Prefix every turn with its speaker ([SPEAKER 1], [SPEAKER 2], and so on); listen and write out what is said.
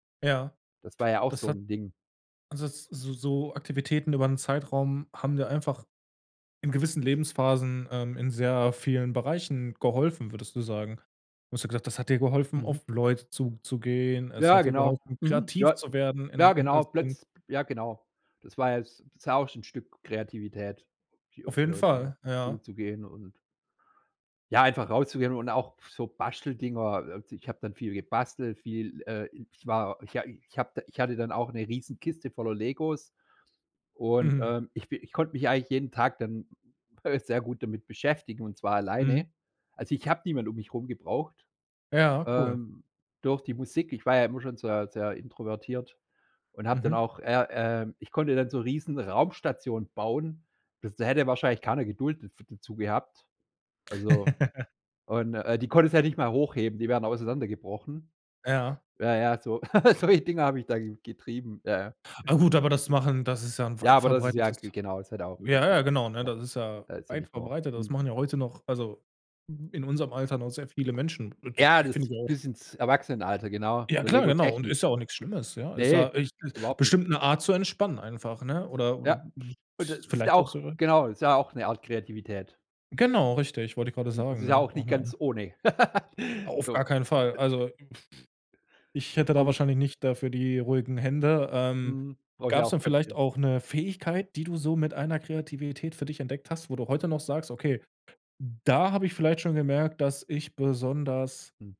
[SPEAKER 1] Ja,
[SPEAKER 2] Das war ja auch
[SPEAKER 1] das
[SPEAKER 2] so
[SPEAKER 1] hat
[SPEAKER 2] 'n Ding.
[SPEAKER 1] also s so so Aktivitäten über 'n Zeitraum haben dir einfach in gewissen Lebensphasen, ähm, in sehr vielen Bereichen geholfen, würdest du sagen? Du hast ja gesagt, das hat dir geholfen,
[SPEAKER 2] Mhm.
[SPEAKER 1] auf Leute zuzugehen, es
[SPEAKER 2] Ja,
[SPEAKER 1] hat dir
[SPEAKER 2] genau.
[SPEAKER 1] geholfen,
[SPEAKER 2] Mhm,
[SPEAKER 1] kreativ
[SPEAKER 2] ja.
[SPEAKER 1] zu werden
[SPEAKER 2] Ja,
[SPEAKER 1] in in als
[SPEAKER 2] genau.
[SPEAKER 1] Kind.
[SPEAKER 2] Plötz ja, genau. Das war jetzt das war auch so 'n Stück Kreativität, auf
[SPEAKER 1] Auf
[SPEAKER 2] die
[SPEAKER 1] jeden
[SPEAKER 2] Leuten
[SPEAKER 1] Fall, ja.
[SPEAKER 2] zuzugehen und Ja, einfach rauszugehen und auch so Basteldinger, äh, also ich habe dann viel gebastelt, viel, äh ich war ich hab ich hatte dann auch 'ne riesen Kiste voller Legos und,
[SPEAKER 1] Mhm.
[SPEAKER 2] ähm, ich bi ich konnte mich eigentlich jeden Tag dann, äh, sehr gut damit beschäftigen und zwar
[SPEAKER 1] Mhm.
[SPEAKER 2] alleine. Also, ich habe niemand um mich rum gebraucht.
[SPEAKER 1] Ja, cool.
[SPEAKER 2] Ähm, durch die Musik ich war ja immer schon sehr sehr introvertiert und habe dann
[SPEAKER 1] Mhm.
[SPEAKER 2] auch er äh, ich konnte dann so riesen Raumstationen bauen. Bis da hätte wahrscheinlich keiner Geduld daf dazu gehabt. Also und, äh, die konntest ja nicht mal hochheben, die wären auseinander gebrochen.
[SPEAKER 1] Ja.
[SPEAKER 2] Ja, ja, so solche Dinger habe ich da getrieben. Ja, ja.
[SPEAKER 1] Ah gut, aber das machen das ist ja ein
[SPEAKER 2] Ja,
[SPEAKER 1] weit
[SPEAKER 2] aber das ja
[SPEAKER 1] verbreitetes
[SPEAKER 2] genau, das hat auch
[SPEAKER 1] ja,
[SPEAKER 2] richtig,
[SPEAKER 1] ja, genau, ne?
[SPEAKER 2] ja
[SPEAKER 1] Das ist ja
[SPEAKER 2] da ist ja
[SPEAKER 1] weit
[SPEAKER 2] nicht nur,
[SPEAKER 1] verbreitet. Das
[SPEAKER 2] mhm
[SPEAKER 1] machen ja heute noch also in unserem Alter noch sehr viele Menschen.
[SPEAKER 2] Ja,
[SPEAKER 1] [unintelligible] Finde
[SPEAKER 2] das
[SPEAKER 1] ich auch.
[SPEAKER 2] bis ins Erwachsenenalter. Genau,
[SPEAKER 1] Ja,
[SPEAKER 2] so
[SPEAKER 1] klar,
[SPEAKER 2] Lego
[SPEAKER 1] genau. Und
[SPEAKER 2] Technik.
[SPEAKER 1] ist ja auch nix Schlimmes, ja? Ist
[SPEAKER 2] Ne,
[SPEAKER 1] ja ich
[SPEAKER 2] überhaupt nicht.
[SPEAKER 1] bestimmt 'ne Art zu entspannen einfach, ne? Oder oder
[SPEAKER 2] Ja, und das
[SPEAKER 1] siehst du
[SPEAKER 2] ist ja
[SPEAKER 1] vielleicht auch
[SPEAKER 2] auch
[SPEAKER 1] so?
[SPEAKER 2] genau, ist ja auch 'ne Art Kreativität.
[SPEAKER 1] Genau, richtig, wollte ich gerade
[SPEAKER 2] Hm, es
[SPEAKER 1] sagen,
[SPEAKER 2] ist ja
[SPEAKER 1] ne?
[SPEAKER 2] auch nicht ganz
[SPEAKER 1] [unintelligible]
[SPEAKER 2] ohne.
[SPEAKER 1] Auf
[SPEAKER 2] So.
[SPEAKER 1] gar keinen Fall. Also ich hätte
[SPEAKER 2] Auch
[SPEAKER 1] da
[SPEAKER 2] gut.
[SPEAKER 1] wahrscheinlich nicht dafür die ruhigen Hände. Ähm,
[SPEAKER 2] Mhm. Brauche ich
[SPEAKER 1] gab's
[SPEAKER 2] auch
[SPEAKER 1] dann vielleicht
[SPEAKER 2] Köpfchen.
[SPEAKER 1] auch 'ne Fähigkeit, die du so mit einer Kreativität für dich entdeckt hast, wo du heute noch sagst: „Okay, da hab ich vielleicht schon gemerkt, dass ich besonders”
[SPEAKER 2] Mhm.